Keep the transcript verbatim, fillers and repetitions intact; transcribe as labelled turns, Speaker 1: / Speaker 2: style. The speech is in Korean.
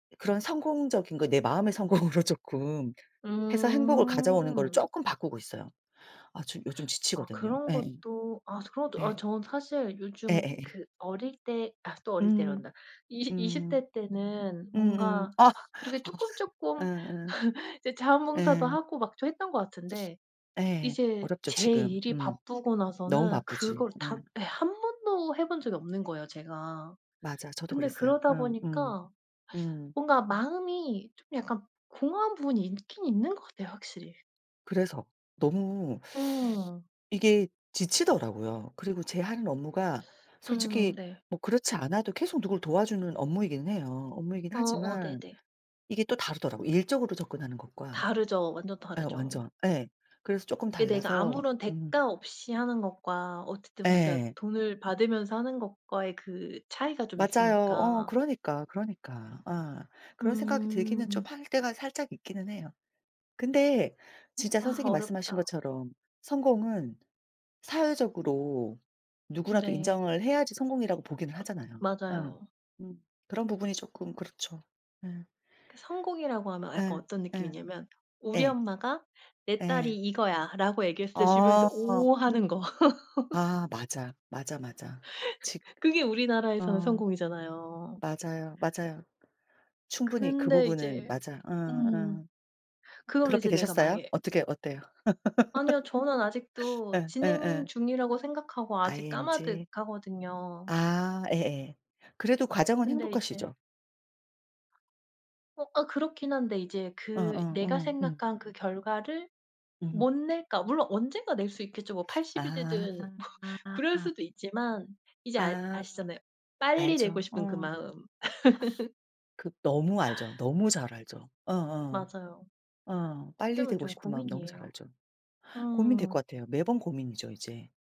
Speaker 1: 그런 성공적인 거 내 마음의 성공으로 쪼끔 해서 행복을 가져오는 거로
Speaker 2: 음.
Speaker 1: 쪼끔 바꾸고 있어요. 아 저 요즘
Speaker 2: 아
Speaker 1: 지치거든요.
Speaker 2: 그런
Speaker 1: 예.
Speaker 2: 것도 아 그런 것도
Speaker 1: 예.
Speaker 2: 아 저는 사실 요즘
Speaker 1: 예예예.
Speaker 2: 그 어릴 때 아 또 어릴
Speaker 1: 음.
Speaker 2: 때란다. 이시 이십
Speaker 1: 음.
Speaker 2: 대 때는
Speaker 1: 음음.
Speaker 2: 뭔가
Speaker 1: 아
Speaker 2: 막 그렇게 쪼끔, 쪼끔
Speaker 1: 예예.
Speaker 2: 이제 자원봉사도
Speaker 1: 예.
Speaker 2: 하고 막 좀 했던 것 같은데
Speaker 1: 예.
Speaker 2: 이제
Speaker 1: 어렵죠
Speaker 2: 제
Speaker 1: 지금.
Speaker 2: 일이
Speaker 1: 음.
Speaker 2: 바쁘고
Speaker 1: 너무
Speaker 2: 나서는
Speaker 1: 바쁘지.
Speaker 2: 그걸
Speaker 1: 예.
Speaker 2: 다 예 한 번도 해 본 적이 없는 거예요, 제가.
Speaker 1: 맞아. 저도
Speaker 2: 근데
Speaker 1: 그랬어요.
Speaker 2: 그러다
Speaker 1: 음 음.
Speaker 2: 보니까
Speaker 1: 음.
Speaker 2: 뭔가 마음이 좀 약간 공허한 부분이 있긴 있는 것 같아요, 확실히.
Speaker 1: 그래서. 너무
Speaker 2: 음.
Speaker 1: 이게 지치더라고요. 그리고 제 하는 업무가
Speaker 2: 음
Speaker 1: 솔직히
Speaker 2: 네.
Speaker 1: 뭐 그렇지 않아도 계속 누굴 도와주는 업무이기는 해요. 업무이긴
Speaker 2: 어 어
Speaker 1: 하지만
Speaker 2: 네네.
Speaker 1: 이게 또 다르더라고요. 일적으로 접근하는 것과
Speaker 2: 다르죠. 완전
Speaker 1: 예
Speaker 2: 다르죠.
Speaker 1: 완전 예. 그래서 쪼끔
Speaker 2: 이게 내가
Speaker 1: 달라서
Speaker 2: 아무런
Speaker 1: 음.
Speaker 2: 대가 없이 하는 것과 어쨌든 우리가
Speaker 1: 예.
Speaker 2: 돈을 받으면서 하는 것과의 그 차이가 좀
Speaker 1: 맞아요. 어
Speaker 2: 있으니까.
Speaker 1: 그러니까, 그러니까. 아. 그런 생각이 들기는 좀
Speaker 2: 음.
Speaker 1: 할 때가 살짝 있기는 해요. 근데 진짜
Speaker 2: 아
Speaker 1: 선생님 말씀하신
Speaker 2: 어렵다.
Speaker 1: 것처럼 성공은 사회적으로 누구라도
Speaker 2: 네.
Speaker 1: 인정을 해야지 성공이라고 보기는 하잖아요. 어
Speaker 2: 맞아요.
Speaker 1: 음 그런 부분이 쪼끔 그렇죠. 예.
Speaker 2: 그 성공이라고 하면 약간
Speaker 1: 예.
Speaker 2: 어떤
Speaker 1: 예.
Speaker 2: 느낌이냐면 우리
Speaker 1: 예.
Speaker 2: 엄마가 "내 딸이
Speaker 1: 예.
Speaker 2: 이거야."라고 얘기했을 때 주변에서
Speaker 1: 아.
Speaker 2: "오." 하는 거
Speaker 1: 아 맞아. 맞아, 맞아. 직
Speaker 2: 그게 우리나라에서는
Speaker 1: 어.
Speaker 2: 성공이잖아요.
Speaker 1: 맞아요, 맞아요. 충분히 그
Speaker 2: 근데
Speaker 1: 부분은
Speaker 2: 이제
Speaker 1: 맞아. 어
Speaker 2: 음.
Speaker 1: 어.
Speaker 2: 그거를
Speaker 1: 그렇게
Speaker 2: 이제 내가
Speaker 1: 되셨어요?
Speaker 2: 만약에
Speaker 1: 어떻게 어때요?
Speaker 2: 아니요. 저는 아직도
Speaker 1: 예
Speaker 2: 진행
Speaker 1: 예예.
Speaker 2: 중이라고 생각하고 아직
Speaker 1: ing.
Speaker 2: 까마득하거든요.
Speaker 1: 아 예예. 그래도 과정은
Speaker 2: 근데 이제
Speaker 1: 행복하시죠?
Speaker 2: 어 아 그렇긴 한데 이제
Speaker 1: 어 어
Speaker 2: 그 내가
Speaker 1: 어 음.
Speaker 2: 생각한 그 결과를
Speaker 1: 음.
Speaker 2: 못 낼까 물론 언젠가 낼 수 있겠죠. 뭐 팔십 이
Speaker 1: 아.
Speaker 2: 되든 뭐 그럴
Speaker 1: 아아아.
Speaker 2: 수도 있지만 이제 알
Speaker 1: 아.
Speaker 2: 아시잖아요, 빨리
Speaker 1: 알죠.
Speaker 2: 내고 싶은 그
Speaker 1: 어.
Speaker 2: 마음.
Speaker 1: 그 너무 알죠. 너무 잘 알죠. 어어.
Speaker 2: 맞아요.
Speaker 1: 어.
Speaker 2: 그것
Speaker 1: 빨리
Speaker 2: 때문에
Speaker 1: 되고
Speaker 2: 좀
Speaker 1: 싶은 마음 너무 잘
Speaker 2: 고민이에요.
Speaker 1: 알죠. 고민될
Speaker 2: 음.
Speaker 1: 것 같아요. 매번 고민이죠, 이제.